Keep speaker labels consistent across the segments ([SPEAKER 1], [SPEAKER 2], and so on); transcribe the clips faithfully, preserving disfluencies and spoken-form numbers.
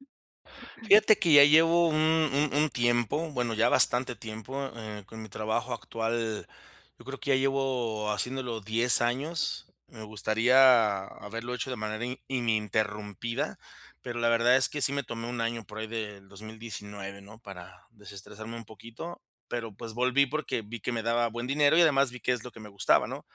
[SPEAKER 1] Fíjate que ya llevo un un un tiempo, bueno, ya bastante tiempo, eh, con mi trabajo actual. Yo creo que ya llevo haciéndolo diez años. Me gustaría haberlo hecho de manera i ininterrumpida, pero la verdad es que sí me tomé un año por ahí del dos mil diecinueve, ¿no? Para desestresarme un poquito. Pero, pues volví porque vi que me daba buen dinero y además vi qué es lo que me gustaba, ¿no?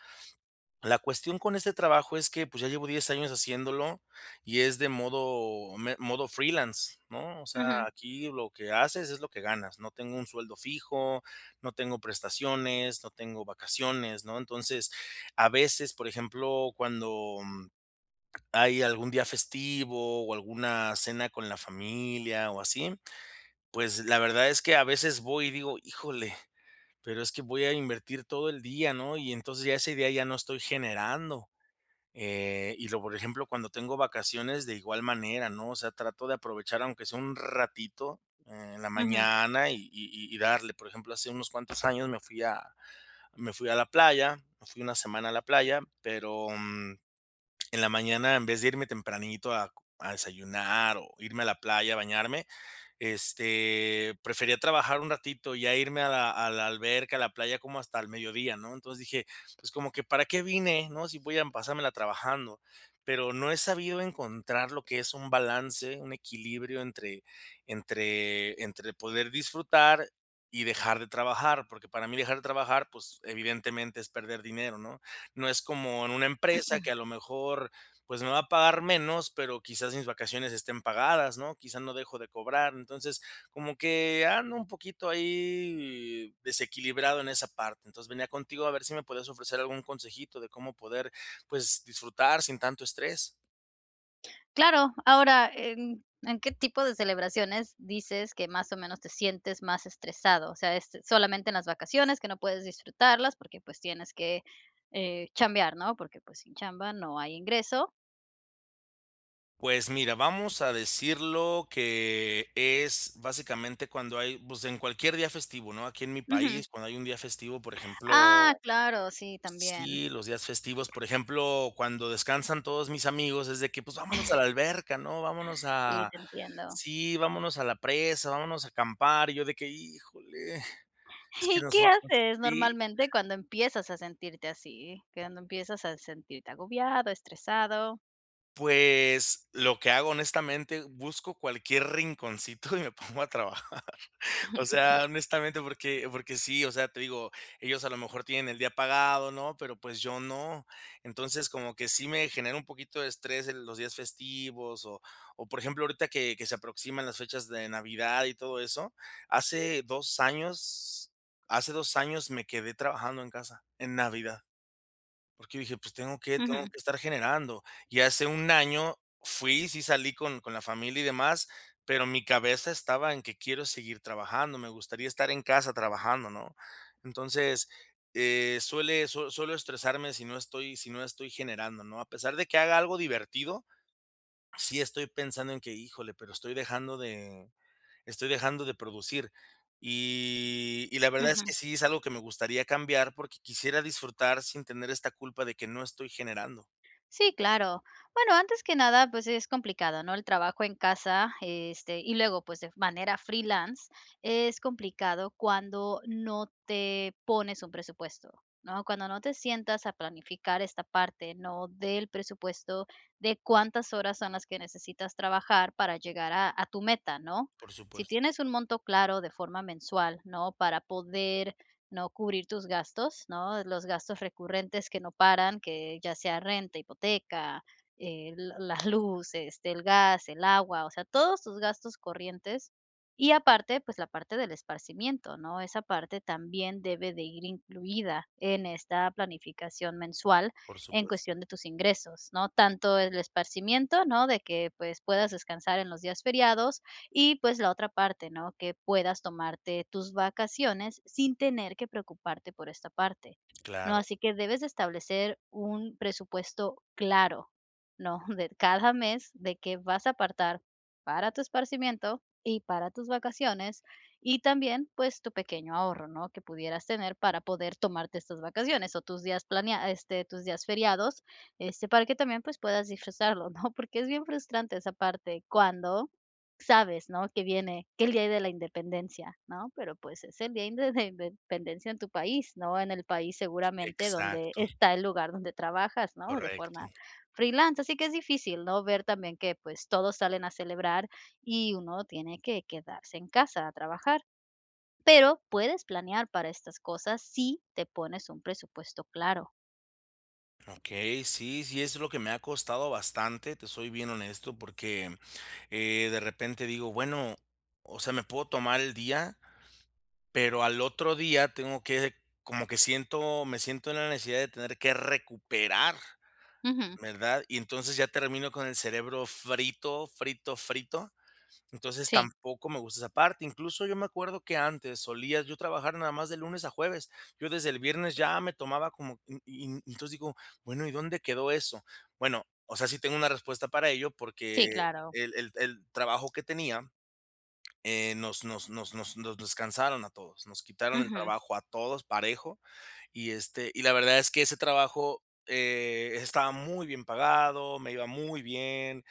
[SPEAKER 1] La cuestión con ese trabajo es que, pues, ya llevo diez años haciéndolo y es de modo me modo freelance, ¿no? O sea,
[SPEAKER 2] Ujú.
[SPEAKER 1] aquí lo que haces es lo que ganas, no tengo un sueldo fijo, no tengo prestaciones, no tengo vacaciones, ¿no? Entonces, a veces, por ejemplo, cuando, mm, hay algún día festivo o alguna cena con la familia o así, pues, la verdad es que a veces voy y digo: "Híjole, pero es que voy a invertir todo el día", ¿no? Y entonces, ya ese día ya no estoy generando. Eh, y luego, por ejemplo, cuando tengo vacaciones, de igual manera, ¿no? O sea, trato de aprovechar aunque sea un ratito en la
[SPEAKER 2] Ujú.
[SPEAKER 1] mañana y y y y darle. Por ejemplo, hace unos cuantos años me fui a me fui a la playa, me fui una semana a la playa, pero, mm, en la mañana, en vez de irme tempranito a a desayunar o irme a la playa, a bañarme, este, prefería trabajar un ratito, ya irme a la a la alberca, a la playa como hasta el mediodía, ¿no? Entonces dije: "Pues como que, ¿para qué vine, no? Si voy a pasármela trabajando". Pero no he sabido encontrar lo que es un balance, un equilibrio entre entre entre poder disfrutar y dejar de trabajar, porque para mí dejar de trabajar, pues evidentemente es perder dinero, ¿no? No es como en una empresa que a lo mejor, pues me va a pagar menos, pero quizás mis vacaciones estén pagadas, ¿no? Quizás no dejo de cobrar. Entonces, como que ando un poquito ahí desequilibrado en esa parte. Entonces, venía contigo a ver si me puedes ofrecer algún consejito de cómo poder, pues disfrutar sin tanto estrés.
[SPEAKER 2] Claro, ahora, ¿en en qué tipo de celebraciones dices que más o menos te sientes más estresado?, o sea, est solamente en las vacaciones que no puedes disfrutarlas porque, pues, tienes que, eh, chambear, ¿no?, porque, pues, sin chamba no hay ingreso
[SPEAKER 1] Pues, mira, vamos a decirlo que es, básicamente, cuando hay pues en cualquier día festivo, ¿no?, aquí en mi
[SPEAKER 2] Ujú.
[SPEAKER 1] país, cuando hay un día festivo, por ejemplo
[SPEAKER 2] Ah, claro, sí, también.
[SPEAKER 1] Sí, los días festivos, por ejemplo, cuando descansan todos mis amigos, es de que: "Pues vámonos a la alberca, ¿no?, vámonos
[SPEAKER 2] Sí,
[SPEAKER 1] a
[SPEAKER 2] te entiendo.
[SPEAKER 1] sí, vámonos a la presa, vámonos a acampar", y yo de que: "Híjole, es que
[SPEAKER 2] ¿Y
[SPEAKER 1] nos
[SPEAKER 2] qué
[SPEAKER 1] va" [unintelligible]
[SPEAKER 2] haces
[SPEAKER 1] Sí.
[SPEAKER 2] normalmente cuando empiezas a sentirte así? Cuando empiezas a sentirte agobiado, estresado.
[SPEAKER 1] Pues lo que hago, honestamente, busco cualquier rinconcito y me pongo a trabajar, o sea, honestamente, porque porque sí, o sea, te digo, ellos a lo mejor tienen el día pagado, ¿no?, pero pues yo no. Entonces, como que sí me genera un poquito de estrés en los días festivos o o por ejemplo, ahorita que que se aproximan las fechas de Navidad y todo eso. Hace dos años hace dos años me quedé trabajando en casa, en Navidad, porque dije: "Pues tengo que tengo
[SPEAKER 2] Ujú.
[SPEAKER 1] que estar generando". Y hace un año fui sí salí con con la familia y demás, pero mi cabeza estaba en que: "Quiero seguir trabajando, me gustaría estar en casa trabajando", ¿no?, entonces, eh, suele sue suelo estresarme sino estoy sino estoy generando, ¿no?, a pesar de que haga algo divertido, sí estoy pensando en que: "Híjole, pero estoy dejando de estoy dejando de producir". Y y la verdad es que
[SPEAKER 2] Ujú.
[SPEAKER 1] sí es algo que me gustaría cambiar porque quisiera disfrutar sin tener esta culpa de que no estoy generando.
[SPEAKER 2] Sí, claro. Bueno, antes que nada, pues, es complicado, ¿no?, el trabajo en casa, este y luego, pues, de f manera freelance, es complicado cuando no te pones un presupuesto, ¿no?, cuando no te sientas a planificar esta parte, ¿no?, del presupuesto, de cuántas horas son las que necesitas trabajar para llegar a a tu meta, ¿no?,
[SPEAKER 1] Por
[SPEAKER 2] si
[SPEAKER 1] supuesto.
[SPEAKER 2] tienes un monto claro de forma mensual, ¿no?, para poder, ¿no?, cubrir tus gastos, ¿no?, los gastos recurrentes que no paran, que ya sea renta, hipoteca, eh, l la luz, este, el gas, el agua, o sea, todos tus gastos corrientes y aparte, pues, la parte del esparcimiento, ¿no?, esa parte también debe de ir incluida en esta planificación mensual
[SPEAKER 1] Por
[SPEAKER 2] en
[SPEAKER 1] supuesto.
[SPEAKER 2] cuestión de tus ingresos, ¿no?, tanto el esparcimiento, ¿no?, de que, pues, puedas descansar en los días feriados y, pues, la otra parte, ¿no?, que puedas tomarte tus vacaciones sin tener que preocuparte por esta parte, ¿no?,
[SPEAKER 1] Claro.
[SPEAKER 2] así que debes de establecer un presupuesto claro, ¿no?, de cada mes de que vas a apartar para tu esparcimiento y para tus vacaciones y también, pues, tu pequeño ahorro, ¿no?, que pudieras tener para poder tomarte estas vacaciones o tus días planea este, tus días feriados, este, para que también, pues, puedas disfrutarlo, ¿no?, porque es bien frustrante esa parte cuando sabes, ¿no?, que viene, que el día de la independencia, ¿no?, pero, pues, es el día inde den dependencia en tu país, no, en el país seguramente donde
[SPEAKER 1] Exacto.
[SPEAKER 2] está el lugar donde trabajas, ¿no?, de forma
[SPEAKER 1] Correcto.
[SPEAKER 2] freelance así que es difícil, ¿no?, ver también que pues todos salen a celebrar y uno tiene que quedarse en casa a trabajar, pero puedes planear para estas cosas si te pones un presupuesto claro.
[SPEAKER 1] Okey, sí, sí, eso es lo que me ha costado bastante. Te soy bien honesto, porque, eh, de repente digo, bueno, o sea, me puedo tomar el día, pero al otro día tengo que como que siento, me siento en la necesidad de tener que recuperar,
[SPEAKER 2] Ujú.
[SPEAKER 1] ¿verdad? Y entonces, ya termino con el cerebro frito, frito, frito. Entonces,
[SPEAKER 2] Sí.
[SPEAKER 1] tampoco me gusta esa parte. Incluso, yo me acuerdo que antes solía yo trabajar, nada más de lunes a jueves. Yo desde el viernes ya me tomaba como u Y y entonces, digo: "Bueno. ¿Y dónde quedó eso?". Bueno, o sea, sí tengo una respuesta para ello, porque
[SPEAKER 2] Sí, claro.
[SPEAKER 1] el el el trabajo que tenía, eh, nos nos nos nos descansaron a todos, nos quitaron el
[SPEAKER 2] Ujú.
[SPEAKER 1] trabajo a todos, parejo. Y este, y la verdad, es que ese trabajo, eh, estaba muy bien pagado, me iba muy bien,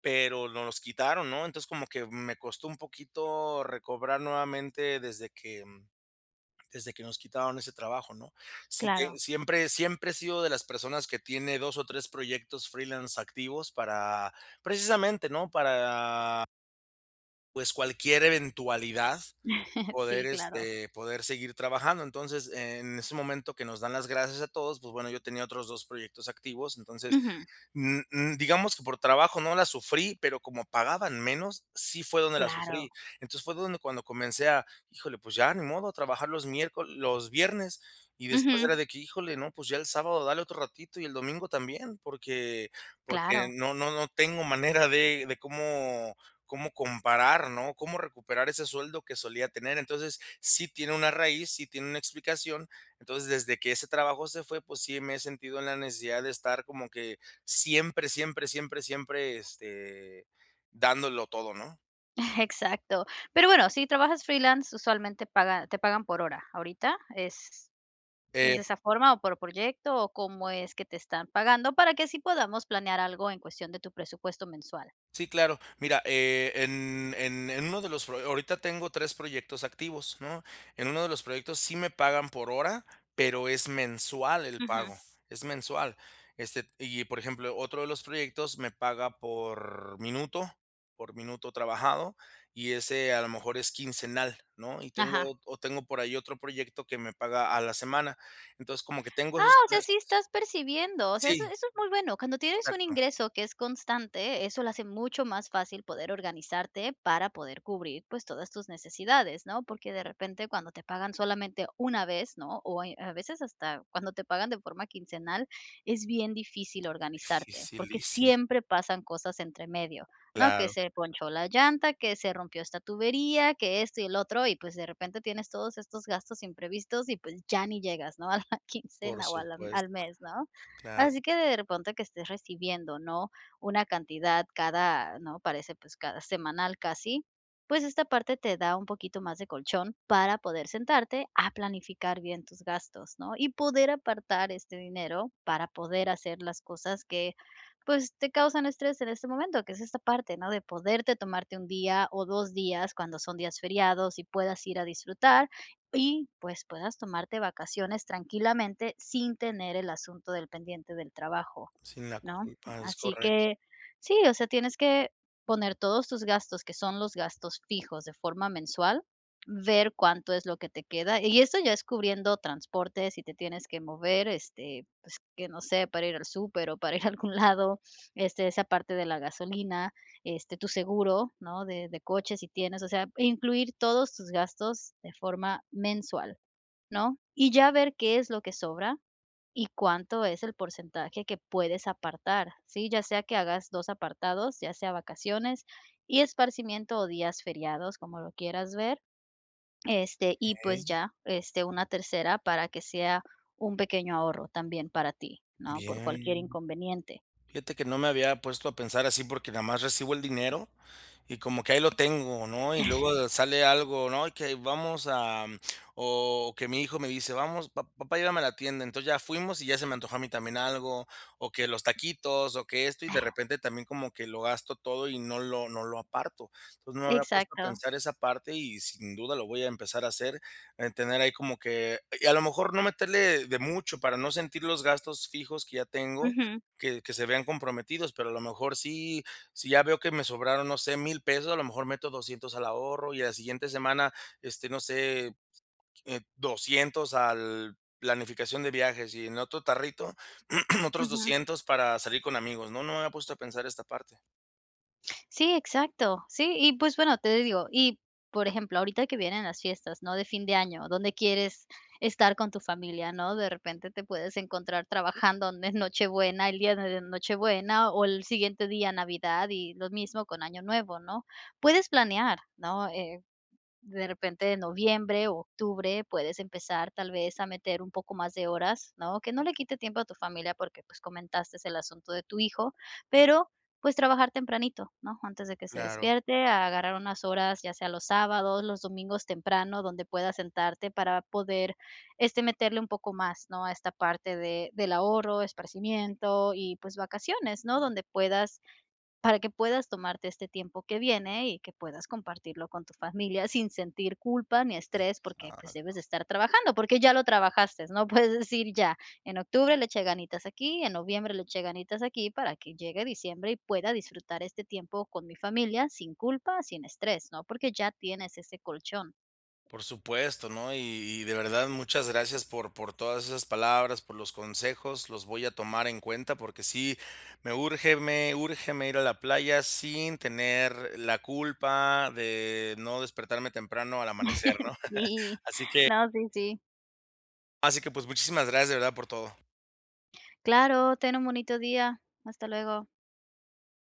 [SPEAKER 1] pero nos los quitaron, ¿no? Entonces, como que me costó un poquito recobrar nuevamente, desde que desde que nos quitaron ese trabajo, ¿no? Si te
[SPEAKER 2] Claro.
[SPEAKER 1] siempre siempre he sido de las personas que tiene dos o tres proyectos freelance activos, para precisamente, ¿no? Para pues, cualquier eventualidad, poder,
[SPEAKER 2] Sí, claro.
[SPEAKER 1] este, poder seguir trabajando. Entonces, en ese momento que nos dan las gracias a todos, pues bueno, yo tenía otros dos proyectos activos. Entonces,
[SPEAKER 2] Ujú.
[SPEAKER 1] mm mm, digamos que por trabajo, no la sufrí, pero como pagaban menos, sí fue donde la sufrí.
[SPEAKER 2] Claro.
[SPEAKER 1] Entonces, fue donde cuando comencé a híjole, pues, ya ni modo, a trabajar los miércol los viernes. Y después
[SPEAKER 2] Ujú.
[SPEAKER 1] era de que híjole, no, pues, ya el sábado dale otro ratito, y el domingo también. Porque porque
[SPEAKER 2] Claro.
[SPEAKER 1] no no no tengo manera de de cómo cómo comparar, ¿no? Cómo recuperar ese sueldo que solía tener. Entonces, sí tiene una raíz, sí tiene una explicación. Entonces, desde que ese trabajo se fue, pues, sí me he sentido en la necesidad de estar como que siempre, siempre, siempre, siempre, este, dándolo todo, ¿no?
[SPEAKER 2] Exacto. Pero bueno, si trabajas freelance, usualmente paga te pagan por hora. Ahorita, ¿es es
[SPEAKER 1] Eh.
[SPEAKER 2] de esa forma? ¿O por proyecto, o cómo es que te están pagando? Para que así, podamos planear algo, en cuestión de tu presupuesto mensual.
[SPEAKER 1] Sí claro. Mira, e en en en uno de los fro Ahorita tengo tres proyectos activos, ¿no? En uno de los proyectos, sí me pagan por hora, pero, es mensual el
[SPEAKER 2] Ujú.
[SPEAKER 1] pago, es mensual. Este, y, por ejemplo, otro de los proyectos, me paga por minuto por minuto trabajado, y ese a lo mejor es quincenal, ¿no? Y tengo
[SPEAKER 2] Ajá.
[SPEAKER 1] ot tengo por ahí otro proyecto, que me paga a la semana. Entonces, como que tengo
[SPEAKER 2] ¡Ah!,
[SPEAKER 1] esos
[SPEAKER 2] o sea,
[SPEAKER 1] tres
[SPEAKER 2] sí estás percibiendo. O sea, eso
[SPEAKER 1] Sí.
[SPEAKER 2] eso es muy bueno. Cuando tienes un
[SPEAKER 1] Exacto.
[SPEAKER 2] ingreso que es constante, eso lo hace mucho más fácil, poder organizarte, para poder cubrir, pues, todas tus necesidades, ¿no? Porque de repente, cuando te pagan, solamente una vez, ¿no? O Eh, a veces, hasta cuando te pagan de forma quincenal, es bien difícil organizarte, porque
[SPEAKER 1] Dificilísimo.
[SPEAKER 2] siempre pasan cosas entre medio, ¿no? Que
[SPEAKER 1] Claro.
[SPEAKER 2] se ponchó la llanta, que se rompió esta tubería, que esto y el otro. Y, pues, de repente, tienes todos estos gastos imprevistos y, pues, ya ni llegas, ¿no? a la quincena,
[SPEAKER 1] Por
[SPEAKER 2] o a la al
[SPEAKER 1] supuesto.
[SPEAKER 2] mes, ¿no?
[SPEAKER 1] Claro.
[SPEAKER 2] Así que de ponte, que estés recibiendo, ¿no? Una cantidad cada ¿no?, parece, pues, cada semanal, casi. Pues esta parte te da un poquito más de colchón para poder sentarte a planificar bien tus gastos, ¿no? Y poder apartar este dinero para poder hacer las cosas que, pues, te causan estrés en este momento. Que es esta parte, ¿no? De poderte tomarte un día o dos días, cuando son días feriados, y puedas ir a disfrutar. Y, pues, puedas tomarte vacaciones tranquilamente, sin tener el asunto del pendiente del trabajo,
[SPEAKER 1] Sin la
[SPEAKER 2] ¿no?
[SPEAKER 1] culpa. Es
[SPEAKER 2] Así
[SPEAKER 1] correc
[SPEAKER 2] que sí. O sea, tienes que poner todos tus gastos, que son los gastos fijos, de forma mensual. Ver cuánto es lo que te queda, y eso, ya es cubriendo transportes. Si te tienes que mover, este, pues, que no sé, para ir al súper o para ir a algún lado. Este, esa parte de la gasolina, este, tu seguro, ¿no?, de de coche, si tienes. O sea, incluir todos tus gastos de forma mensual, ¿no? Y ya ver qué es lo que sobra, y cuánto es el porcentaje que puedes apartar, ¿sí? Ya sea que hagas dos apartados, ya sea vacaciones y esparcimiento, o días feriados. Como lo quieras ver. Este, y pues
[SPEAKER 1] Okey.
[SPEAKER 2] ya, este, una tercera, para que sea un pequeño ahorro, también para ti, ¿no? Por cualquier
[SPEAKER 1] Bien.
[SPEAKER 2] inconveniente.
[SPEAKER 1] Fíjate que no me había puesto a pensar así, porque nada más recibo el dinero, y como que ahí lo tengo, ¿no? Y luego sale algo, ¿no?, y que vamos a o que mi hijo me dice: "Vamos, pa papá, llévame a la tienda". Entonces, ya fuimos, y ya se me antojó a mí también algo. O que los taquitos, o que esto. Y de repente, también, como que lo gasto todo, y no lo no lo aparto. Entonces, no me había puesto a
[SPEAKER 2] Exacto.
[SPEAKER 1] pensar esa parte, y sin duda lo voy a empezar a hacer. Eh, tener ahí como que Y a lo mejor, no meterle de mucho, para no sentir los gastos fijos que ya tengo,
[SPEAKER 2] Ujú.
[SPEAKER 1] que que se vean comprometidos. Pero a lo mejor sí si ya veo que me sobraron, no sé, mil pesos, a lo mejor meto doscientos al ahorro. Y a la siguiente semana, este, no sé, eh, doscientos al planificación de viajes. Y en el otro tarrito, otros
[SPEAKER 2] Ujú.
[SPEAKER 1] doscientos para salir con amigos, ¿no? No me había puesto a pensar esta parte.
[SPEAKER 2] Sí, exacto, sí, y, pues bueno, te digo, y por ejemplo, ahorita que vienen las fiestas, ¿no?, de fin de año, donde quieres estar con tu familia, ¿no?, de repente te puedes encontrar trabajando donde en Nochebuena, el día de Nochebuena, o el siguiente día, Navidad, y lo mismo con Año Nuevo, ¿no?, puedes planear, ¿no?, eh, de repente, noviembre, octubre, puedes empezar tal vez a meter un poco más de horas, ¿no?, que no le quite tiempo a tu familia porque, pues, comentaste el asunto de tu hijo, pero, pues, trabajar tempranito, ¿no?, antes de que se
[SPEAKER 1] Claro.
[SPEAKER 2] despierte, agarrar unas horas, ya sea los sábados, los domingos temprano, donde puedas sentarte para poder, este, meterle un poco más, ¿no?, a esta parte de del ahorro, esparcimiento y, pues, vacaciones, ¿no?, donde puedas, para que puedas tomarte este tiempo que viene y que puedas compartirlo con tu familia sin sentir culpa ni
[SPEAKER 1] Ay,
[SPEAKER 2] estrés
[SPEAKER 1] pues,
[SPEAKER 2] porque, pues, debes de
[SPEAKER 1] [unintelligible]
[SPEAKER 2] estar trabajando, porque ya lo trabajaste, ¿no?, puedes decir: "Ya, en octubre le eché ganitas aquí, en noviembre le eché ganitas aquí, para que llegue diciembre y pueda disfrutar este tiempo con mi familia sin culpa, sin estrés", ¿no?, porque ya tienes ese colchón.
[SPEAKER 1] Por supuesto, no y y de verdad, muchas gracias por por todas esas palabras, por los consejos, los voy a tomar en cuenta, porque sí me urge me urge, me ir a la playa sin tener la culpa de no despertarme temprano al amanecer, ¿no?,
[SPEAKER 2] Sí,
[SPEAKER 1] así que
[SPEAKER 2] no, sí, sí.
[SPEAKER 1] así que, pues, muchísimas gracias, de verdad, por todo.
[SPEAKER 2] Claro, ten un bonito día, hasta luego.